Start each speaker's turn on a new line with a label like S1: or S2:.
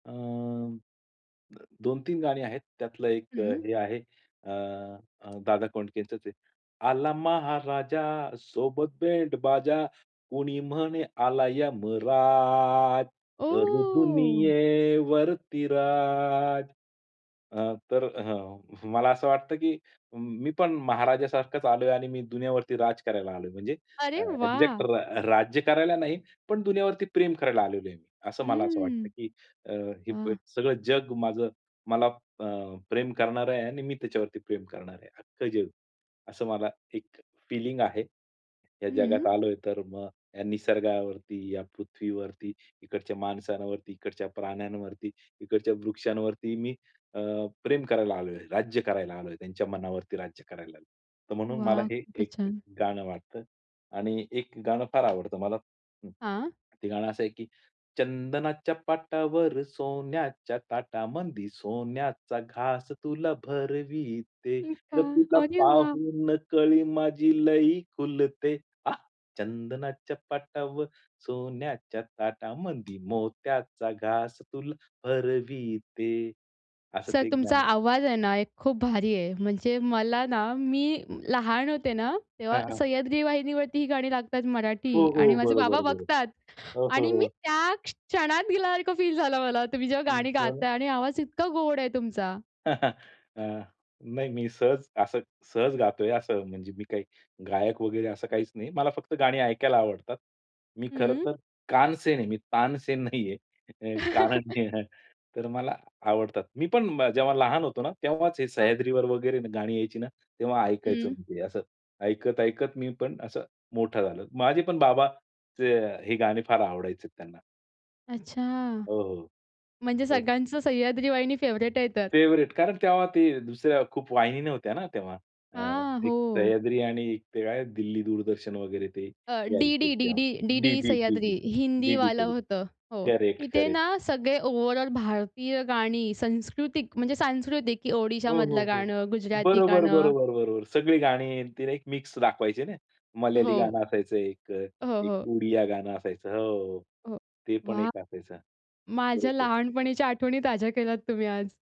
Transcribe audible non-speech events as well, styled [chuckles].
S1: अ, 2-3 गाणी आहेत. त्यातलं एक अ,
S2: हं.
S1: हे आहे अ, दादा कोंडकेंचंच आहे ते. आला महाराजा सोबत बँडबाजा, कुणी म्हणे आलाय यमराज, करू
S2: ओह!
S1: दुनियेवरती राज. अ, तर हं. मला असं वाटतं, की मी पण महाराजासारखाच आलोय आणि मी दुनियावरती राज करायला आलोय. म्हणजे अ,
S2: अरे
S1: एक्झॅक्ट
S2: वाह!
S1: रा राज्य करायला नाही, पण दुनियावरती प्रेम करायला आलेलो आहे. असं मला असं वाटतं,
S2: हम्म.
S1: की अ, हे
S2: वाह!
S1: सगळं जग माझं, मला अ, प्रेम करणार आहे आणि मी त्याच्यावरती प्रेम करणार आहे अख्खं जग. असं मला एक फीलिंग आहे. या जगात
S2: हं.
S1: आलोय तर मग या निसर्गावरती, या पृथ्वीवरती, इकडच्या माणसांवरती, इकडच्या प्राण्यांवरती, इकडच्या वृक्षांवरती मी अ, प्रेम करायला आलोय, राज्य करायला आलोय, त्यांच्या मनावरती राज्य करायला आलोय. तर म्हणून मला
S2: वाह!
S1: हे
S2: खूपच
S1: एक
S2: छान.
S1: गाणं वाटतं. आणि एक गाणं फार आवडतं मला.
S2: हां.
S1: ते गाणं असं आहे, की चंदनाच्या पाटावर सोन्याच्या ताटामंदी, सोन्याचा घास तुला भरविते,
S2: हो
S1: ग
S2: का?
S1: तुला
S2: अरे वाह!
S1: पाहून कळी माझी लई खुलते. आं, चंदनाच्या पाटावर सोन्याच्या ताटामंदी मोत्याचा घास तुला भरविते. असं
S2: सर
S1: ते एक गाणं
S2: तुमचा
S1: आहे.
S2: आवाज आहे ना, एक खूप भारी आहे. म्हणजे मला ना, मी लहान होते ना,
S1: हां,
S2: तेव्हा
S1: हां.
S2: सह्याद्री वाहिनीवरती ही गाणी लागतात
S1: हो,
S2: मराठी आणि
S1: हो.
S2: माझे
S1: बरोबर,
S2: बाबा
S1: बरोबर.
S2: बघतात
S1: अ, हो,
S2: आणि मी
S1: हो.
S2: त्या क्षणात गेल्यासारखं फील झालं मला. तुम्ही जेव्हा
S1: हं,
S2: गाणी
S1: खरं.
S2: गाताय आणि आवाज इतका गोड आहे तुमचा.
S1: [chuckles] अ, नाही, मी सहज असं सहज गातोय असं. म्हणजे मी काही गायक वगैरे असं काहीच नाही. मला फक्त गाणी ऐकायला आवडतात. मी
S2: हं.
S1: खरंतर कानसेन आहे. मी तानसेन नाहीये. कारण
S2: [chuckles]
S1: तर मला आवडतात. मी पण जेव्हा लहान होतो ना, तेव्हाच हे
S2: हां.
S1: सह्याद्रीवर वगैरे गाणी यायची ना, तेव्हा ऐकायचो
S2: हं.
S1: मी. ते असं, ऐकत, ऐकत मी पण असं मोठा झालो. माझे पण बाबा ते हे गाणे फार आवडायचे त्यांना.
S2: अच्छा.
S1: हो, हो.
S2: म्हणजे
S1: तर
S2: सगळ्यांचं सह्याद्री वाहिनी फेव्हराइट आहे तर?
S1: फेव्हरेट, कारण तेव्हा ते दुसऱ्या खूप वाहिनी नव्हत्या ना तेव्हा. अ,
S2: हां,
S1: एक
S2: हो.
S1: सह्याद्री आणि ते काय दिल्ली दूरदर्शन वगैरे ते
S2: अ,
S1: यायचे
S2: डीडी
S1: तेव्हा.
S2: DD, DD
S1: DD,
S2: Sahyadri
S1: DD, DD
S2: हिंदीवालं
S1: [unintelligible]
S2: होतं. हो.
S1: करेक्ट
S2: तिथे
S1: करेक्ट.
S2: ना, सगळे ओव्हरऑल भारतीय गाणी संस्कृतिक म्हणजे सांस्कृतिक, की
S1: हो, हो.
S2: ओडिशामधलं
S1: हो.
S2: गाणं, गुजराती
S1: बरोबर,
S2: गाणं.
S1: बरोबर, बरोबर. सगळी गाणी आणि ती एक मिक्स दाखवायची ना. मल्याळी
S2: हो.
S1: गाणं असायचं एक अ,
S2: हो,
S1: एक अ,
S2: हो.
S1: उडिया गाणं असायचं. हो.
S2: हो.
S1: ते पण
S2: वाह!
S1: एक असायचं.
S2: माझ्या
S1: बरोबर.
S2: लहानपणीच्या आठवणी ताज्या केल्यात तुम्ही आज.